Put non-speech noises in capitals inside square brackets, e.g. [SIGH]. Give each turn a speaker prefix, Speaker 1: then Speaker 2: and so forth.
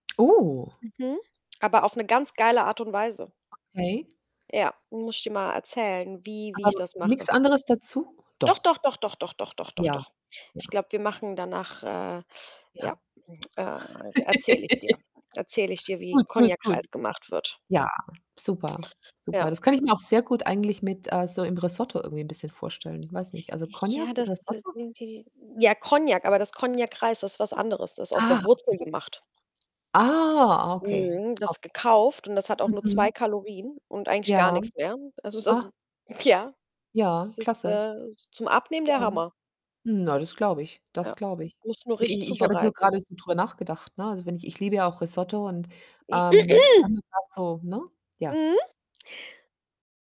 Speaker 1: Oh.
Speaker 2: Mhm. Aber auf 'ne ganz geile Art und Weise.
Speaker 1: Okay.
Speaker 2: Ja, muss ich dir mal erzählen, wie wie
Speaker 1: Aber
Speaker 2: ich
Speaker 1: nur
Speaker 2: das mache.
Speaker 1: nix anderes dazu?
Speaker 2: Doch, doch,
Speaker 1: Doch?
Speaker 2: doch, doch, doch, doch, doch, doch,
Speaker 1: Ja,
Speaker 2: doch.
Speaker 1: ja.
Speaker 2: Ich glaube, wir machen danach, äh ja,
Speaker 1: Ja.
Speaker 2: äh, erzä erzähle ich dir,
Speaker 1: [LAUGHS]
Speaker 2: erzähle ich dir, wie
Speaker 1: Gut, gut, gut.
Speaker 2: Konjakreis gemacht wird.
Speaker 1: Ja, super,
Speaker 2: Ja.
Speaker 1: super. Das kann ich
Speaker 2: [UNINTELLIGIBLE]
Speaker 1: mir auch sehr gut eigentlich mit, äh so im Risotto irgendwie 'n bisschen vorstellen. Weiß nicht, also Konjak
Speaker 2: Ja,
Speaker 1: mit
Speaker 2: das, äh,
Speaker 1: Risotto?
Speaker 2: sind die ja, Konjak, aber dass Konjakreis ist was anderes. Das ist aus der
Speaker 1: Ah,
Speaker 2: Wurzel
Speaker 1: okay.
Speaker 2: gemacht.
Speaker 1: Ah, okay,
Speaker 2: Mhm. Das
Speaker 1: okay.
Speaker 2: gekauft und das hat auch nur 2
Speaker 1: Mhm.
Speaker 2: Kalorien und eigentlich gar
Speaker 1: Ja.
Speaker 2: nix mehr. Also, das
Speaker 1: Ah.
Speaker 2: ist ja,
Speaker 1: Ja,
Speaker 2: das ist,
Speaker 1: klasse.
Speaker 2: äh, zum Abnehmen
Speaker 1: Ja.
Speaker 2: der Hammer.
Speaker 1: Na, das glaube ich. Das
Speaker 2: Ja,
Speaker 1: glaube ich.
Speaker 2: musst du nur
Speaker 1: I
Speaker 2: richtig
Speaker 1: ich ich habe jetzt nur
Speaker 2: zubereiten.
Speaker 1: gerade so drüber nachgedacht, ne? Also, wenn ich ich liebe ja auch Risotto und,
Speaker 2: I
Speaker 1: ähm,
Speaker 2: [CLEARS THROAT]
Speaker 1: dann [UNINTELLIGIBLE] so, ne? Ja.
Speaker 2: Mhm.